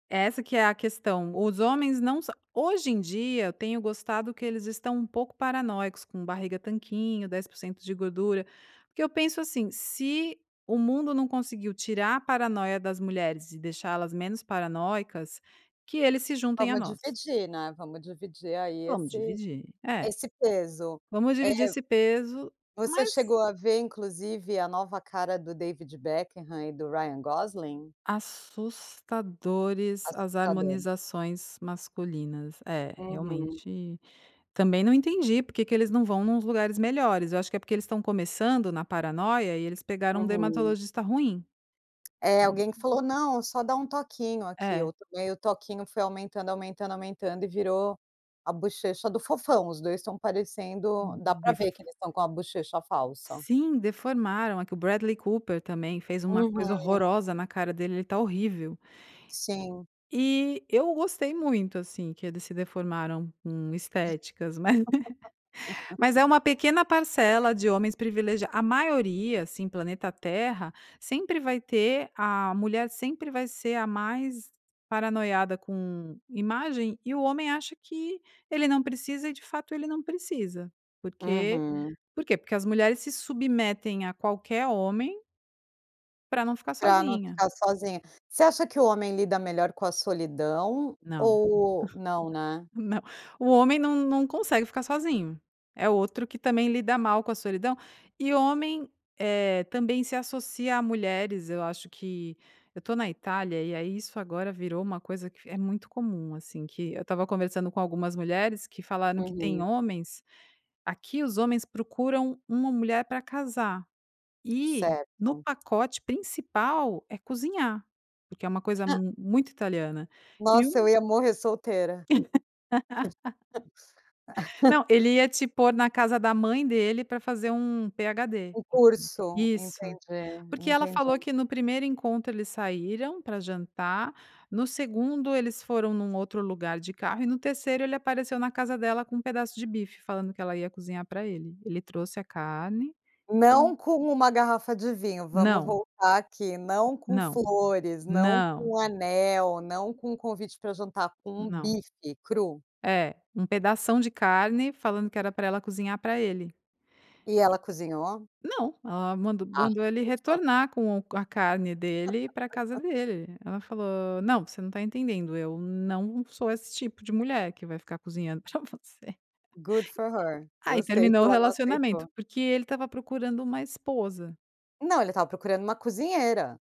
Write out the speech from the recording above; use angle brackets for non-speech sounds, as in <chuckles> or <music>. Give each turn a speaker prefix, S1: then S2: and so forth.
S1: Essa que é a questão, os homens não são hoje em dia eu tenho gostado que eles estão um pouco paranoicos, com barriga tanquinho, 10% de gordura, porque eu penso assim, se o mundo não conseguiu tirar a paranoia das mulheres e deixá-las menos paranoicas, que eles se juntem a
S2: Vamos
S1: nós.
S2: dividir, né, vamos dividir aí
S1: Vamos
S2: esse
S1: dividir. É,
S2: esse peso.
S1: vamos dividir
S2: Eh
S1: esse peso,
S2: você
S1: mas
S2: chegou a ver inclusive a nova cara do David Beckham e do Ryan Gosling?
S1: Assustadores as
S2: Assustador.
S1: harmonizações masculinas, é
S2: Uhum.
S1: realmente, também não entendi porque que eles não vão nos lugares melhores, acho que é porque eles estão começando na paranoia e eles pegaram um
S2: Uhum.
S1: dermatologista ruim.
S2: Eh,
S1: Ah um
S2: alguém que falou não, só dar um toquinho aqui,
S1: É.
S2: eu tomei o toquinho foi aumentando, aumentando, aumentando e virou a bochecha do fofão, os 2 estão parecendo dá
S1: Hum,
S2: pra
S1: derf
S2: ver que eles estão com a bochecha falsa.
S1: Sim deformaram aqui o Bradley Cooper também, fez uma
S2: Uhum.
S1: coisa horrorosa na cara dele, ele tá horrível.
S2: Sim.
S1: E eu gostei muito, assim, que eles se deformaram num estéticas mas <laughs> mas é
S2: <laughs>
S1: uma pequena parcela de homens privilegiados, a maioria assim planeta terra, sempre vai ter a mulher sempre vai ser a mais paranoica com imagem e o homem acha que ele não precisa e de fato ele não precisa, por quê?
S2: Uhum.
S1: Por quê? Porque as mulheres se submetem a qualquer homem pra não ficar
S2: Pra não
S1: sozinha.
S2: ficar sozinha. Você acha que o homem lida melhor com a solidão
S1: Não,
S2: ou Não, né?
S1: <giggles> não, o homem não não consegue ficar sozinho, é outro que também lida mal com a solidão e homem, eh, também se associa a mulheres, eu acho que eu tô na Itália e aí isso agora virou uma coisa que é muito comum assim, que eu estava conversando com algumas mulheres que falaram que tem
S2: Uhum.
S1: homens, aqui os homens procuram uma mulher para casar e no
S2: Certo.
S1: pacote principal é cozinhar, porque é uma coisa
S2: <chuckles>
S1: muito italiana. E
S2: Nossa, eu
S1: um
S2: ia morrer solteira.
S1: <laughs> Não,
S2: <laughs>
S1: ele ia te pôr na casa da mãe dele pra fazer um PhD.
S2: Um curso,
S1: Isso,
S2: entendi,
S1: porque ela falou
S2: entendi.
S1: que no 1º encontro eles saíram pra jantar, no 2º eles foram num outro lugar de carro e no 3º ele apareceu na casa dela com um pedaço de bife falando que ela ia cozinhar pra ele, ele trouxe a carne, falou
S2: Não com uma garrafa de vinho, vamos
S1: Não.
S2: voltar aqui, não com
S1: Não,
S2: flores, não
S1: não.
S2: com anel, não com convite pra jantar, com um
S1: Não.
S2: bife cru.
S1: É, um pedação de carne falando que era pra ela cozinhar pra ele.
S2: E ela cozinhou?
S1: Não, ela mandou
S2: Ah,
S1: mandou ele
S2: viu só?
S1: retornar com o com a carne dele e ir pra casa
S2: <laughs>
S1: dele, ela falou: "Não, você não tá entendendo, eu não sou esse tipo de mulher que vai ficar cozinhando pra você."
S2: Good for her.
S1: <laughs> Aí
S2: Gostei que
S1: terminou o
S2: ela não
S1: relacionamento,
S2: aceitou.
S1: porque ele estava procurando uma esposa.
S2: Não, ele estava procurando uma cozinheira.